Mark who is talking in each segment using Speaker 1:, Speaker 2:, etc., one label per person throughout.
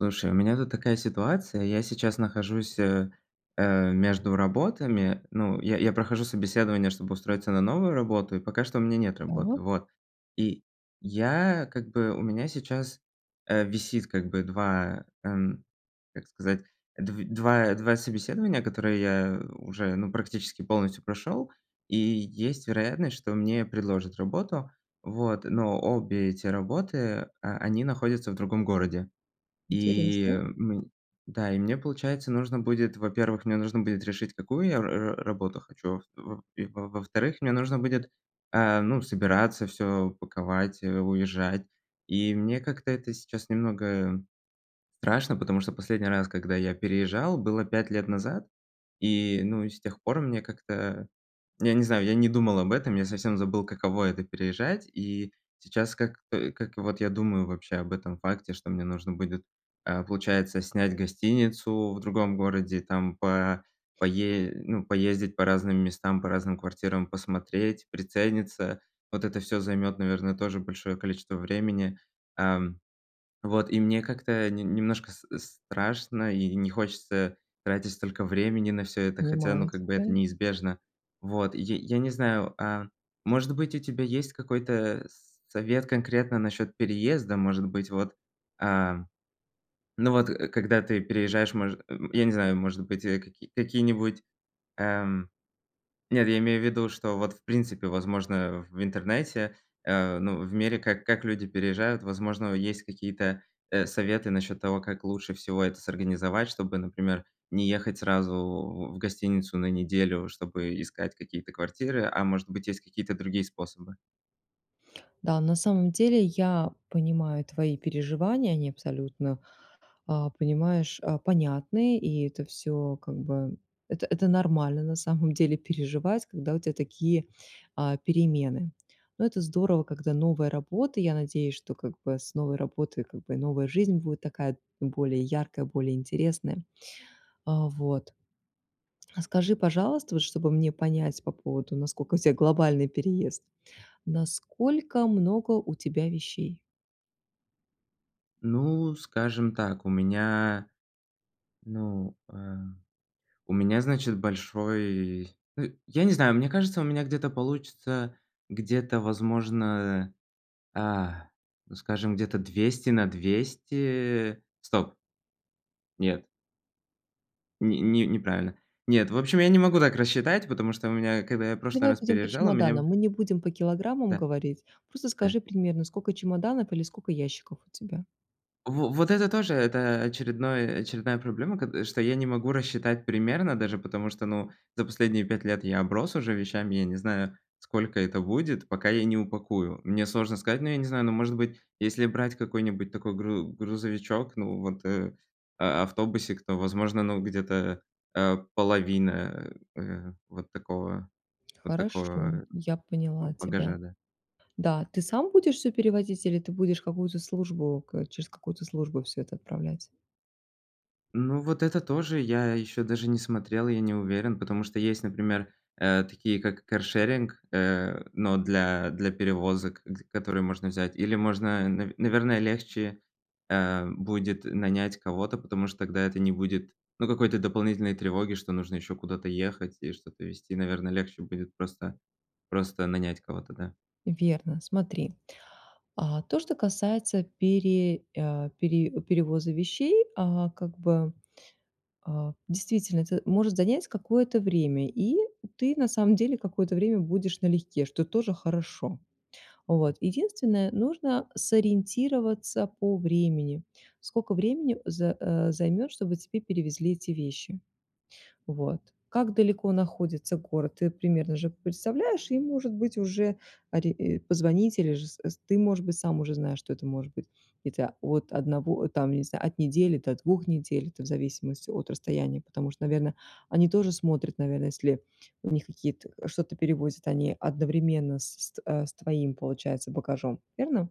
Speaker 1: Слушай, у меня тут такая ситуация. Я сейчас нахожусь, э, э, между работами. Ну, я я прохожу собеседование, чтобы устроиться на новую работу, и пока что у меня нет работы,
Speaker 2: Так.
Speaker 1: вот. И я как бы, у меня сейчас, э, висит как бы 2 м, как сказать, дв два два собеседования, которые я уже, ну, практически полностью прошел, и есть вероятность, что мне предложат работу, вот. Но обе эти работы, а, они находятся в другом городе. И,
Speaker 2: Интересно.
Speaker 1: м да, и мне получается, нужно будет, во-первых, мне нужно будет решить, какую я р р работу хочу. И в в и во-вторых, мне нужно будет собираться, всё паковать, уезжать. И мне как-то это сейчас немного страшно, потому что последний раз, когда я переезжал, было 5 лет назад. И, ну, и с тех пор мне как-то, я не знаю, я не думал об этом. Я совсем забыл, каково это- переезжать. И сейчас как, э, как вот я думаю вообще об этом факте, что мне нужно будет, а, получается, снять гостиницу в другом городе, там по па пае ну, поездить по разным местам, по разным квартирам, посмотреть, прицениться. Вот это всё займет, наверное, тоже большое количество времени. Ам, вот, и мне как-то не немножко с страшно, и не хочется тратить столько времени на всё это, хотя, ну,
Speaker 2: Понимаю
Speaker 1: как бы это
Speaker 2: тебя.
Speaker 1: неизбежно, вот. Й я не знаю, а может быть, у тебя есть какой-то с совет конкретно насчёт переезда. Может быть, вот, а, ну вот когда ты переезжаешь, может, м, я не знаю, может быть, какие какие-нибудь эм. Нет, я имею в виду, что вот, в принципе, возможно, в интернете, э, ну, в мире, как как люди переезжают, возможно, есть какие-то, э, советы насчёт того, как лучше всего это с организовать, чтобы, например, не ехать сразу в в гостиницу на неделю, чтобы искать какие-то квартиры, а может быть, есть какие-то другие способы.
Speaker 2: Да, на самом деле я понимаю твои переживания, они абсолютно а, понимаешь, а, понятны, и это всё, как бы, это это нормально, на самом деле, переживать, когда у тебя такие, а, перемены. Но это здорово, когда новая работа. Я надеюсь, что, как бы, с новой работой, как бы, новая жизнь будет такая более яркая, более интересная. А вот, а, скажи, пожалуйста, вот чтобы мне понять по поводу, насколько у тебя глобальный переезд, насколько много у тебя вещей?
Speaker 1: Ну, скажем так. У меня, ну, э У меня, значит, большой ы я не знаю, мне кажется, у меня где-то получится Где-то, возможно, а, ну, скажем, где-то 200 на 200. Стоп. Нет. Ни ни неправильно. Нет, в общем, я не могу так рассчитать, потому что у меня, когда я прошлый
Speaker 2: Давай
Speaker 1: раз
Speaker 2: будем по
Speaker 1: переезжал, у меня
Speaker 2: чемоданам. Мы не будем по килограммам
Speaker 1: Да.
Speaker 2: говорить, просто скажи
Speaker 1: Да.
Speaker 2: примерно, скока чемоданов или скока ящиков у тебя.
Speaker 1: Во вот это тоже, это очередное очередная проблема, ко что я не могу рассчитать примерно даже, потому что, ну, за последние 5 лет я оброс уже вещами. Я не знаю, сколько это будет, пока я не упакую. Мне сложно сказать, но я не знаю, может быть, если брать какой-нибудь такой гру грузовичок, ну, вот э, а автобусик, то, возможно, ну, где-то, э, половина, э, э, вот такого, вот
Speaker 2: Хорошо,
Speaker 1: такого
Speaker 2: я
Speaker 1: ба
Speaker 2: поняла тебя.
Speaker 1: багажа, да.
Speaker 2: Да. Ты сам будешь всё перевозить или ты будешь какую-то службу к через какую-то службу всё это отправлять?
Speaker 1: Ну, вот это тоже, я ещё даже не смотрел, я не уверен, потому что есть, например, э, такие как каршеринг, э, но для для перевозок, г которые можно взять, или можно, нав наверное, легче, эм, будет нанять кого-то, потому что тогда это не будет, ну, какой-то дополнительной тревоги, что нужно ещё куда-то ехать и что-то везти. Наверное, легче будет просто просто нанять кого-то, да?
Speaker 2: Верно, смотри. А, то, что касается пере а, пере перевоза вещей, а, как бы, а, действительно, это может занять какое-то время, и ты, на самом деле, какое-то время будешь налегке, что тоже хорошо. Вот, единственное- нужно сориентироваться по времени. Сколько времени з э, займёт, чтобы тебе перевезли эти вещи. Вот. Как далеко находится город, ты примерно же представляешь, и, может быть, уже ори и позвонить, или же з эс ты, может быть, сам уже знаешь, что это может быть. Это, вот, 1, там, не знаю, от недели до 2 недель, это в зависимости от расстояния, потому что, наверное, они тоже смотрят, наверное, если у них какие-то, что-то перевозят, они одновременно с ст э, с твоим, получается, багажом, верно?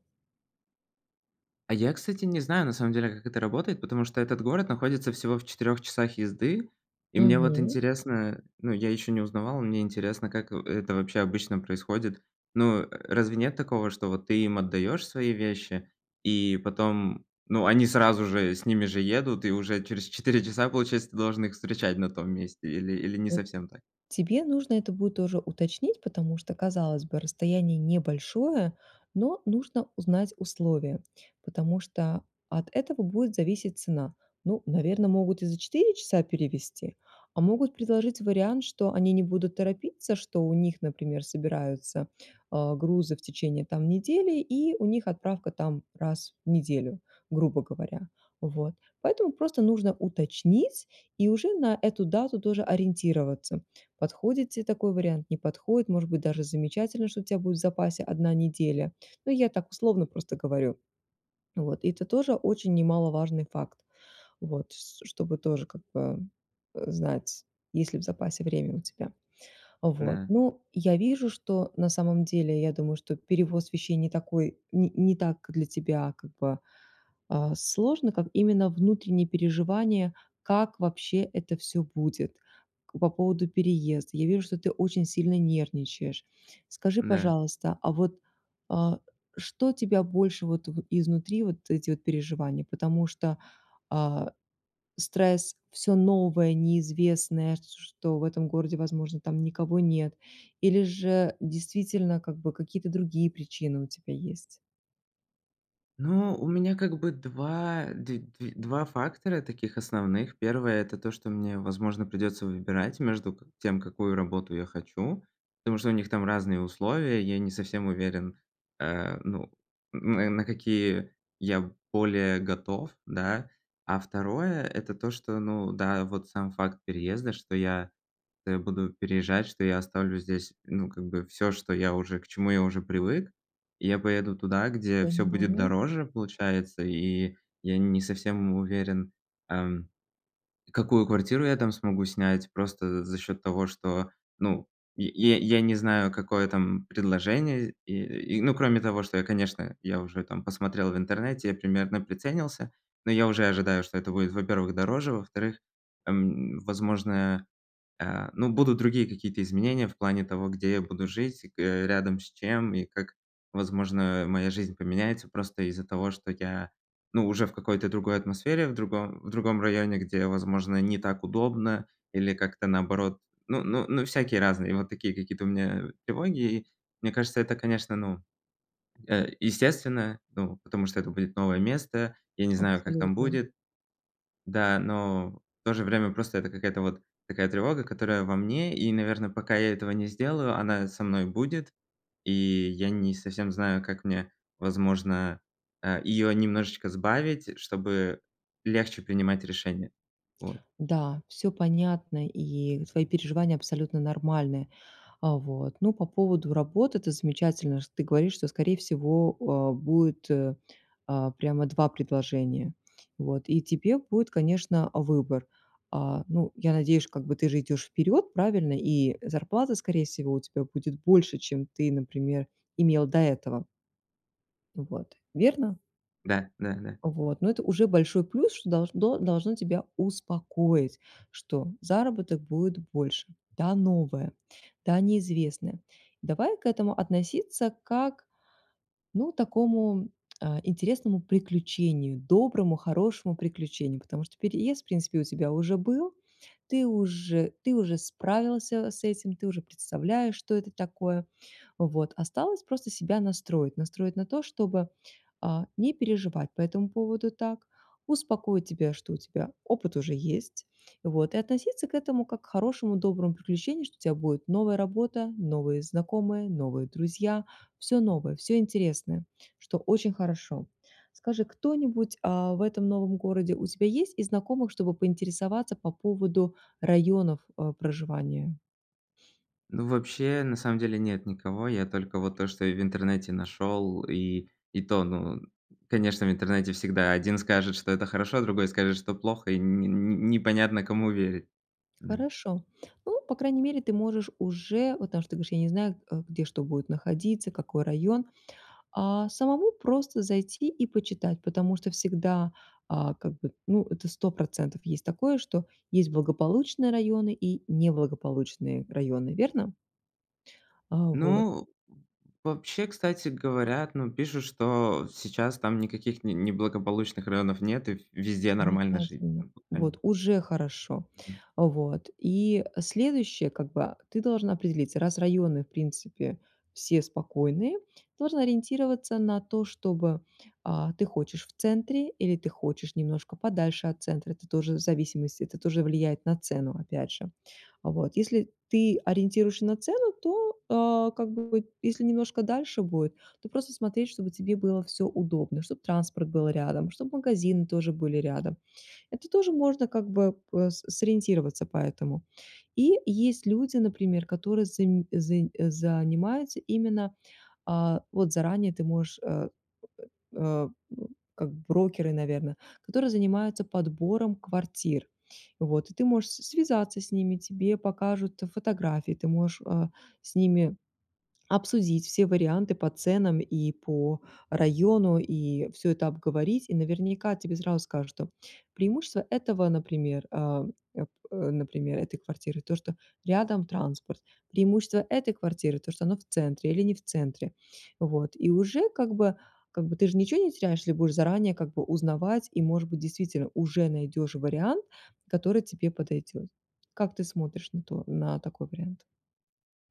Speaker 1: А я, кстати, не знаю, на самом деле, как это работает, потому что этот город находится всего в 4 часах езды. И мне вот
Speaker 2: Мгм.
Speaker 1: интересно, ну, я ещё не узнавал, мне интересно, как, э, это вообще обычно происходит. Ну, э, разве нет такого, что вот ты им отдаешь свои вещи и потом, ну, они сразу же с ними же едут и уже через 4 часа, получается, ты должен их встречать на том месте или или не
Speaker 2: Вот,
Speaker 1: совсем так?
Speaker 2: тебе нужно это будет тоже уточнить, потому что, казалось бы, расстояние небольшое, но нужно узнать условия, потому что от этого будет зависеть цена. Ну, наверно, могут и за 4 часа перевезти, а могут предложить вариант, что они не будут торопиться, что у них, например, собираются, а, грузы в течение, там, недели и у них отправка, там, раз в неделю, грубо говоря. Вот, поэтому просто нужно уточнить и уже на эту дату тоже ориентироваться. Подходит те такой вариант, не подходит, может быть даже замечательно, что у тя будет в запасе одна неделя, ну я так условно просто говорю. Вот, и это тоже очень немаловажный факт, вот, с ш чтобы тоже, как бы, э, знать, есть ли в запасе время у тебя. Вот,
Speaker 1: На
Speaker 2: ну, я вижу, что, э, на самом деле, я думаю, что перевоз вещей не такой, не не так для тебя, как бы, а, сложно, как именно внутренние переживания, как вообще это всё будет. К по поводу переезда, я вижу, что ты очень сильно нервничаешь. Скажи,
Speaker 1: Да.
Speaker 2: пожалуйста, а вот, а, что тебя больше вот в изнутри, вот эти вот переживания, потому что, а, стресс всё новое, неизвестное, с что в этом городе, возможно, там никого нет, или же действительно, как бы какие-то другие причины у тебя есть?
Speaker 1: Ну, у меня как бы 2 д 2, 2 фактора таких основных. Первое, это то, что мне, возможно, придётся выбирать между как тем, какую работу я хочу, потому что у них там разные условия. Я не совсем уверен, э, ну, н на какие я более готов, да? А второе, это то, что, ну да, вот сам факт переезда, что я, э, буду переезжать, что я оставлю здесь, ну, как бы, всё, что я уже к чему я уже привык. Я поеду туда, где всё будет
Speaker 2: Понимаю.
Speaker 1: дороже, получается, и я не совсем уверен, ам, какую квартиру я там смогу снять. Просто за за счёт того, что, ну, я я я не знаю, какое там предложение и, и, ну кроме того, что я, конечно, я уже там, посмотрел в интернете, я примерно приценился. Но я уже ожидаю, что это будет, во-первых, дороже. Во-вторых, эм, возможно, а, ну будут другие какие-то изменения в плане того, где я буду жить к э, рядом с чем, и как, возможно, моя жизнь поменяется, просто из-за того, что я, ну, уже в какой-то другой атмосфере, в другом в другом районе, где, возможно, не так удобно или как-то наоборот. Ну ну ну всякие разные, и вот такие какие-то у меня тревоги. Мне кажется, это конечно, ну, э, естественно, ну, потому что это будет новое место. Я не знаю, как там
Speaker 2: Абсолютно.
Speaker 1: будет. Да, но, в то же время просто это какая-то вот, такая тревога, которая во мне, и наверное, пока я этого не сделаю, она со мной будет. И я не совсем знаю, как мне, возможно, а её немножечко сбавить, чтобы легче принимать решения. Вот.
Speaker 2: Да, всё понятно, и твои переживания абсолютно нормальны. А вот, ну, по поводу работы, это замечательно, что ты говоришь, что скорее всего, а, будет, э, а, прямо 2 предложения, вот, и тебе будет, конечно, выбор. А, ну, я надеюсь, как бы, ты же идёшь вперёд, правильно, и зарплата скорее всего у тебя будет больше, чем ты, например, имел до этого. Вот, верно?
Speaker 1: Да, да-да.
Speaker 2: Вот, но это уже большой плюс, что долждно должны тебя успокоить, что заработок будет больше. Да, новое, да, неизвестное. Давай к этому относиться как, ну, такому, а, интересному приключению, доброму, хорошему приключению. Потому что переезд в принципе у тебя уже был, ты уже, ты уже справился с этим, ты уже представляешь, что это такое. Вот, осталось просто себя настроить, настроить на то, чтобы, а, не переживать по этому поводу так, успокоить тебя, что у тебя опыт уже есть, вот, и относиться к этому как к хорошему, доброму приключению, что у тебя будет новая работа, новые знакомые, новые друзья, всё новое, всё интересное, что очень хорошо. Скажи, кто-нибудь, а, в этом новом городе у тебя есть из знакомых, чтобы поинтересоваться по поводу районов, э, проживания?
Speaker 1: Ну, вообще, на самом деле нет никого. Я только вот то, что я в интернете нашел, и и то, ну, конечно, в интернете всегда один скажет, что это хорошо, а другой скажет, что плохо, и не не не понятно, кому верить, да.
Speaker 2: Хорошо. Ну, по крайней мере ты можешь уже, вот, потому что ты говоришь: "Я не знаю, а, где, что будет находиться, какой район", а, самому просто зайти и почитать, потому что всегда, а, как бы, ну, это 100 % есть такое, что есть благополучные районы и неблагополучные районы, верно? А, вот.
Speaker 1: Ну, э, вообще, кстати, говорят, ну, пишут, что сейчас там никаких не неблагополучных районов нет и в везде нормально жить,
Speaker 2: Замечательно,
Speaker 1: как бы.
Speaker 2: вот
Speaker 1: [unintelligible]
Speaker 2: уже хорошо. А, вот и, э, следующее как бы, а, ты должен определиться: раз районы в принципе все спокойные, ты должен ориентироваться на то, чтобы, а, ты хочешь в центре или ты хочешь немножко подальше от центра. Это тоже в зависимости, это тоже влияет на цену опять же. А вот если ты ориентируешься на цену, то, а, как бы, если немножко дальше будет, то просто смотреть, чтобы тебе было всё удобно, чтобы транспорт был рядом, чтобы магазины тоже были рядом. Это тоже можно как бы бы п сориентироваться по этому. И есть люди, например, которые зам зан занимаются именно, а, вот заранее ты можешь, э, э, э, как брокеры, наверно, которые занимаются подбором квартир. Вот, и ты можешь с связаться с ними, тебе покажут, э, фотографии, ты можешь, а, с ними обсудить все варианты по ценам и по району, и всё это обговорить, и наверняка тебе сразу скажут, что преимущества этого, например, а, э, п э, например, этой квартиры то, что рядом транспорт, преимущества этой квартиры то, что она в центре или не в центре. Вот, и уже как бы, как бы ты же ничего не теряешь, если будешь заранее как бы узнавать, и, может быть, действительно уже найдешь вариант, который тебе подойдет. Как ты смотришь на то на такой вариант?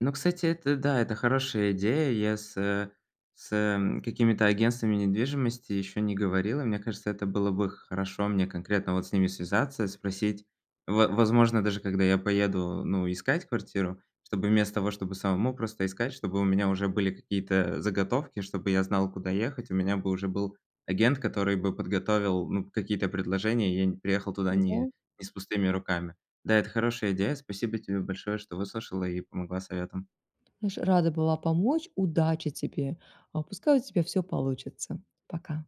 Speaker 1: Но, кстати, это, э, да, это хорошая идея. И я с, э, с, эм, какими-то агентствами недвижимости ещё не говорил. И мне кажется, это было бы хорошо мне конкретно, вот, с ними связаться, спросить. Во возможно, даже когда я поеду, э, ну, искать квартиру, чтобы вместо того, чтобы самому просто искать, чтобы у меня уже были какие-то, э, заготовки, чтобы я знал, куда ехать, у меня бы уже был агент, который бы подготовил, ну, какие-то предложения, и я не переехал туда не
Speaker 2: Н-да.
Speaker 1: не с пустыми руками. Да, это хорошая идея. Спасибо тебе большое, что выслушала и помогла советом.
Speaker 2: Знаешь, рада была помочь. Удачи тебе! А, пускай у тебя всё получится! Пока.